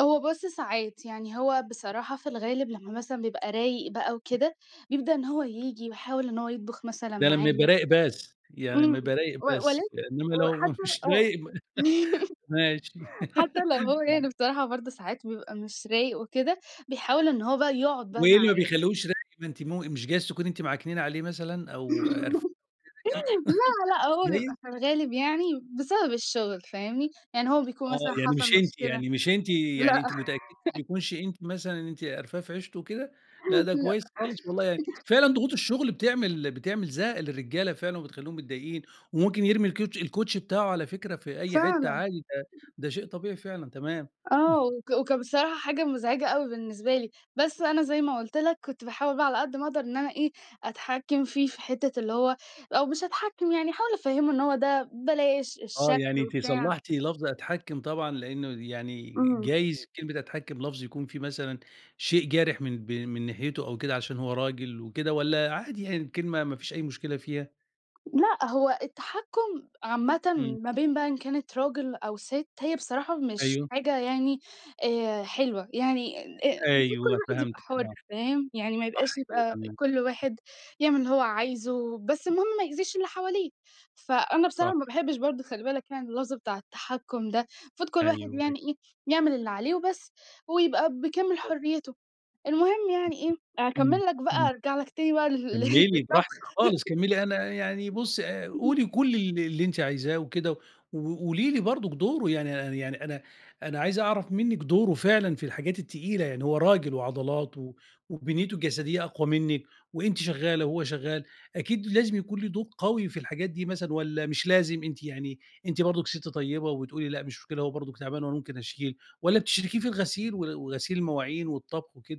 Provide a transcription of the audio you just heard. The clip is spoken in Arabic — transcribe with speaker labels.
Speaker 1: هو بُص ساعات، يعني هو بصراحة في الغالب لمّا مثلًا بيبقى رايِق بقى وكده، بيبدأ إن هو ييجي ويحاول إن هو يطبُخ مثلًا
Speaker 2: ده لمّا يبقى
Speaker 1: معايا.
Speaker 2: رايِق بس، يعني
Speaker 1: إمم،
Speaker 2: إما يبقى رايِق
Speaker 1: و
Speaker 2: بس،
Speaker 1: ولكن
Speaker 2: إنما لو ما
Speaker 1: وحتى
Speaker 2: [unintelligible]
Speaker 1: آه،
Speaker 2: رايِق [unintelligible] ماشي.
Speaker 1: حتى لو هو يعني بصراحة برضه ساعات بيبقى مش رايِق وكده، بيحاول إن هو بقى يقعد بقى
Speaker 2: وإيه اللي ما
Speaker 1: معايا.
Speaker 2: بيخلّهوش رايق ما أنتِ مو مش جايز تكون أنتِ معكننة عليه مثلًا أو قرفاه أو حاجة زي كده؟
Speaker 1: لأ لأ،
Speaker 2: مش
Speaker 1: هو بيبقى
Speaker 2: جايز؟
Speaker 1: في الغالب يعني بسبب الشغل، فاهمني؟ يعني هو بيكون
Speaker 2: آه،
Speaker 1: مثلًا
Speaker 2: يعني
Speaker 1: حصل
Speaker 2: مش أنتِ
Speaker 1: مشكلة
Speaker 2: يعني مش أنتِ يعني
Speaker 1: لأ.
Speaker 2: أنتِ متأكدة ما يكونش أنتِ مثلًا أنتِ قرفاه في عيشته وكده؟ لأ ده
Speaker 1: لأ.
Speaker 2: كويِّس خالص، والله يعني فعلًا ضغوط الشغل بتعمِل بتعمِل زهق للرجالة فعلًا وبتخلِّيهُم متضايقين، وممكن يرمي الكوتش الكوتشي بتاعه على فكرة في أي حتّة
Speaker 1: فعلًا.
Speaker 2: عادي، ده ده شيء طبيعي فعلًا، تمام.
Speaker 1: آه، وك وكان بصراحة حاجة مُزعِجة أوي بالنسبة لي. بس أنا زي ما قُلت لك كنت باحاول بقى على قد ما أقدر إن أنا إيه أتحكَّم فيه في حتّة اللي هو أو مش أتحكَّم يعني، أحاول أفهِّمه إن هو ده بلاش،
Speaker 2: آه
Speaker 1: الشكل
Speaker 2: يعني أنتِ
Speaker 1: وبتاع.
Speaker 2: صلحتِ لفظ أتحكَّم، طبعًا لأنه يعني
Speaker 1: إمم.
Speaker 2: جايز كلمة أتحكم لفظ يكون فيه مثلًا شيء جارح من ب من ناحيته أو كده، علشان هو راجل وكده، والّا عادي يعني الكلمة ما فيش أي مشكلة فيها؟
Speaker 1: لأ، هو التحكُّم عامةً
Speaker 2: إمم.
Speaker 1: ما بين بقى إن كانت راجل أو ست، هي بصراحة مش
Speaker 2: أيوه.
Speaker 1: حاجة يعني آآ، حلوة يعني آآ، المفروض كل
Speaker 2: أيوه،
Speaker 1: واحد يبقى
Speaker 2: فهمتِك
Speaker 1: حُر،
Speaker 2: آه
Speaker 1: فاهم يعني؟ ما
Speaker 2: صح
Speaker 1: يبقاش
Speaker 2: كده تمام.
Speaker 1: كل واحد يعمِل اللي هو عايزه، بس المهم ما يأذِيش اللي حواليه. فأنا بصراحة
Speaker 2: صح.
Speaker 1: ما باحبش برضه، خلِّ بالك يعني، اللفظ بتاع التحكُّم ده، المفروض كل
Speaker 2: أيوه،
Speaker 1: واحد
Speaker 2: أيوه.
Speaker 1: يعني إيه يعمِل اللي عليه وبس، هو يبقى بكامل
Speaker 2: طبعًا.
Speaker 1: حريته، المهم
Speaker 2: [unintelligible]
Speaker 1: يعني إيه،
Speaker 2: إمم
Speaker 1: أكمِل لك بقى،
Speaker 2: إمم،
Speaker 1: أرجَع لك تاني بقى ل
Speaker 2: كملِي
Speaker 1: للطبخ.
Speaker 2: براحتِك خالص، كملِي. أنا يعني بُصي آآ، قولي
Speaker 1: [unintelligible]
Speaker 2: كل ال اللي أنتِ عايزاه وكده، وقولي لي برضك دوره، يعني يعني أنا أنا عايز أعرف منِك دوره فعلًا في الحاجات التقيلة. يعني هو راجل وعضلات و وبنيته الجسدية أقوى منِك، وأنتِ شغّالة وهو شغّال، أكيد لازم يكون ليه دور قوي في الحاجات دي مثلًا، والّا مش لازم؟ أنتِ يعني أنتِ برضه ست طيبة وتقولي لأ مش مشكلة، هو برضه تعبان وأنا ممكن أشيل؟ والّا بتشركِيه في الغسيل و وغسيل المواعين والطبخ وكده؟